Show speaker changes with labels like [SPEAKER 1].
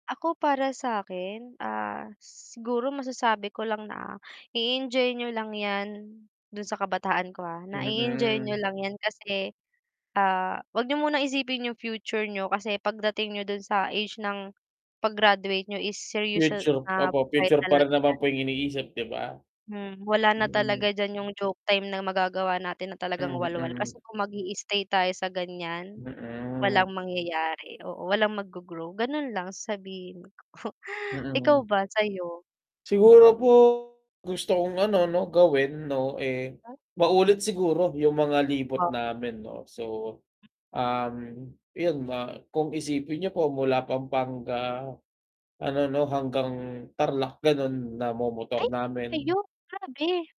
[SPEAKER 1] Ako para sa akin, ah, siguro masasabi ko lang na i-enjoy niyo lang yan dun sa kabataan ko, ah, na i-enjoy niyo
[SPEAKER 2] Mm.
[SPEAKER 1] lang yan kasi, ah, wag niyo muna isipin yung future niyo kasi pagdating niyo dun sa age ng pag-graduate niyo is seryoso,
[SPEAKER 2] Future,
[SPEAKER 1] ah,
[SPEAKER 2] opo,
[SPEAKER 1] hay
[SPEAKER 2] future pa rin
[SPEAKER 1] talaga
[SPEAKER 2] naman
[SPEAKER 1] yan.
[SPEAKER 2] po yung iniisip, 'di ba?
[SPEAKER 1] Hmm, wala na
[SPEAKER 2] Mm.
[SPEAKER 1] talaga diyan yung joke time na magagawa natin na talagang walwal,
[SPEAKER 2] Mm.
[SPEAKER 1] kasi kung mag-i-stay tayo sa ganyan, walang
[SPEAKER 2] Mhm.
[SPEAKER 1] mangyayari, oo. Walang mag-go-grow, ganon lang sasabihin ko. Ikaw
[SPEAKER 2] Mm.
[SPEAKER 1] ba sa'yo?
[SPEAKER 2] Siguro po, gusto kong ano 'no gawin 'no, eh,
[SPEAKER 1] Ha?
[SPEAKER 2] maulit siguro yung mga libot
[SPEAKER 1] O
[SPEAKER 2] namin 'no. So, um yon, ma kung isipin niyo po mula Pampanga ano 'no, hanggang Tarlac ganon, namomotor
[SPEAKER 1] Ay,
[SPEAKER 2] namin.
[SPEAKER 1] sa'yo? Grabe.